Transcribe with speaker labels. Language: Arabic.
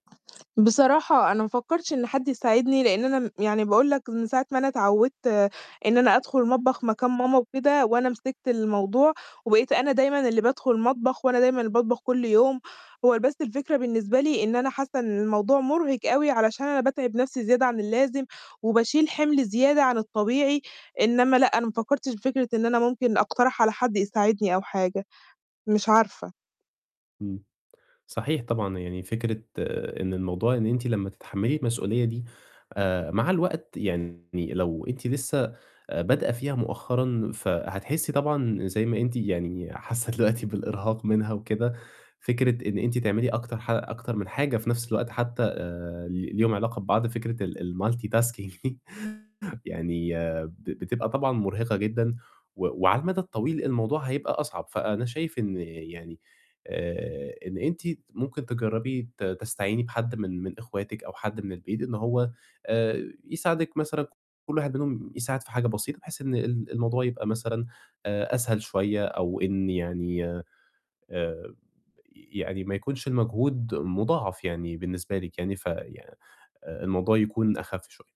Speaker 1: بصراحة أنا ما فكّرتش إن حد يساعدني، لإن أنا م يعني باقول لك من ساعة ما أنا اتعوّدت إن أنا أدخل المطبخ مكان ماما وكده، وأنا مسكت الموضوع، وبقيت أنا دايمًا اللي بادخل المطبخ، وأنا دايمًا اللي باطبخ كلّ يوم، هو بس الفكرة بالنسبة لي إن أنا حاسّة إن الموضوع مُرهِق أوي، علشان أنا باتعب نفسي زيادة عن اللازم، وباشيل حِمل زيادة عن الطبيعي، إنّما لأ، أنا ما فكّرتش في فكرة إن أنا ممكن أقترح على حد يساعدني أو حاجة. مش عارفة.
Speaker 2: إمم. صحيح طبعًا، يعني فكرة إن الموضوع إن أنتِ لمّا تتحمّلي المسؤولية دي، آآ مع الوقت يعني لو أنتِ لسّه بادئة فيها مؤخرًا، فهتحسّي طبعًا زَي ما أنتِ يعني حاسّة دلوقتي بالإرهاق منها وكده، فكرة إن أنتِ تعملي أكتر ح أكتر من حاجة في نفس الوقت، حتى آآ ل ليهم علاقة ببعض، فكرة ال الmultitasking يعني ب بتبقى طبعًا مُرهِقة جدًا، و وعلى المَدى الطويل الموضوع هيبقى أصعب، فأنا شايف إن يعني آآ إن أنتِ ممكن تجرّبي ت تستعيني بحد من من أخواتِك، أو حد من البيت، إن هو آآ يساعدِك مثلًا كلّ واحد منهم يساعد في حاجة بسيطة، بحيث إن ال الموضوع يبقى مثلًا أ أسهل شوية، أو إن يعني آآ يعني ما يكونش المجهود مُضاعف يعني بالنسبة لِك يعني، في آآ الموضوع يكون أخَف شوية.